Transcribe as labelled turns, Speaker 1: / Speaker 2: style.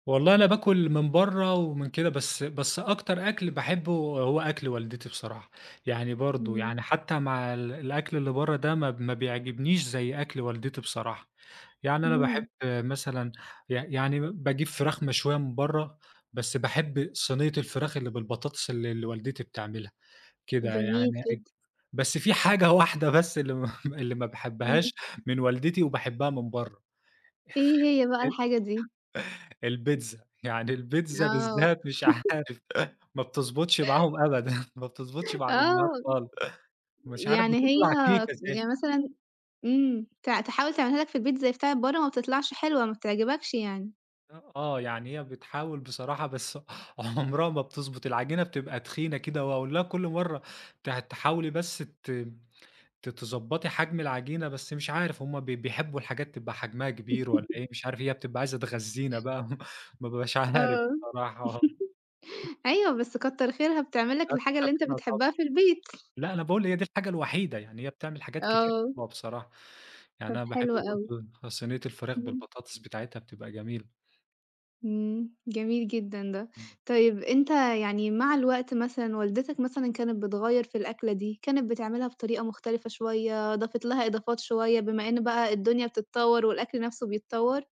Speaker 1: والله أنا باكل من برّا ومن كده، بس بس أكتر أكل باحبه هو أكل والدتي بصراحة. يعني برضه،
Speaker 2: إمم.
Speaker 1: يعني حتى مع ال الأكل اللي برّا ده ما ما بيعجبنيش زي أكل والدتي بصراحة. يعني أنا باحب
Speaker 2: إمم.
Speaker 1: مثلًا ي يعني باجيب فراخ مشوية من برّا، بس باحب صينية الفراخ اللي بالبطاطس اللي اللي والدتي بتعملها، كده
Speaker 2: جميل
Speaker 1: يعني أج
Speaker 2: جدًا.
Speaker 1: بس في حاجة واحدة بس اللي ما اللي ما
Speaker 2: إمم.
Speaker 1: باحبهاش من والدتي وباحبها من برّا
Speaker 2: إيه هي بقى الحاجة دي؟
Speaker 1: البيتزا، يعني البيتزا
Speaker 2: آه.
Speaker 1: بالذات مش عارف ما بتضبطش معاهم أبدًا، ما بتضبطش مع الأمهات
Speaker 2: آه.
Speaker 1: خالص. مش عارف
Speaker 2: يعني هي
Speaker 1: بتطلَع كيكة زي
Speaker 2: يعني
Speaker 1: الك
Speaker 2: مثلًا إمم، ت تحاول تعملها لك في البيت زَي بتاعة برّا ما بتطلَعش حلوة، ما بتعجبكش يعني؟
Speaker 1: أ آه، يعني هي بتحاول بصراحة بس عُمرها ما بتضبط، العجينة بتبقى تخينة كده، وأقول لها كُلّ مرّة تح تحاولي بس ت ت تضبّطي حجم العجينة، بس مش عارف هُم بي بيحبوا الحاجات تبقى حجمها كبير والّا إيه، مش عارف، هي بتبقى عايزة تغذينا بقى ما بابقاش عارف
Speaker 2: آه.
Speaker 1: بصراحة
Speaker 2: أيوه، بس كتّر خيرها بتعمل لك
Speaker 1: لأ
Speaker 2: الحاجة
Speaker 1: كتر
Speaker 2: اللي أنت
Speaker 1: خيرها طبعًا،
Speaker 2: بتحبها في البيت.
Speaker 1: لأ أنا باقول هي دي الحاجة الوحيدة، يعني هي بتعمل حاجات كتير
Speaker 2: آه.
Speaker 1: حلوة بصراحة. يعني
Speaker 2: طَب
Speaker 1: أنا باحب
Speaker 2: حلو أوي.
Speaker 1: برضه صينية الفراخ
Speaker 2: إمم.
Speaker 1: بالبطاطس بتاعتها بتبقى جميلة.
Speaker 2: إمم، جميل جدًا ده.
Speaker 1: إمم.
Speaker 2: طيب أنت يعني مع الوقت مثلًا والدتك مثلًا كانت بتغيّر في الأكلة دي، كانت بتعملها بطريقة مختلفة شوية، ضافت لها إضافات شوية، بما إن بقى الدنيا بتتطور والأكل نَفْسه بيتطور؟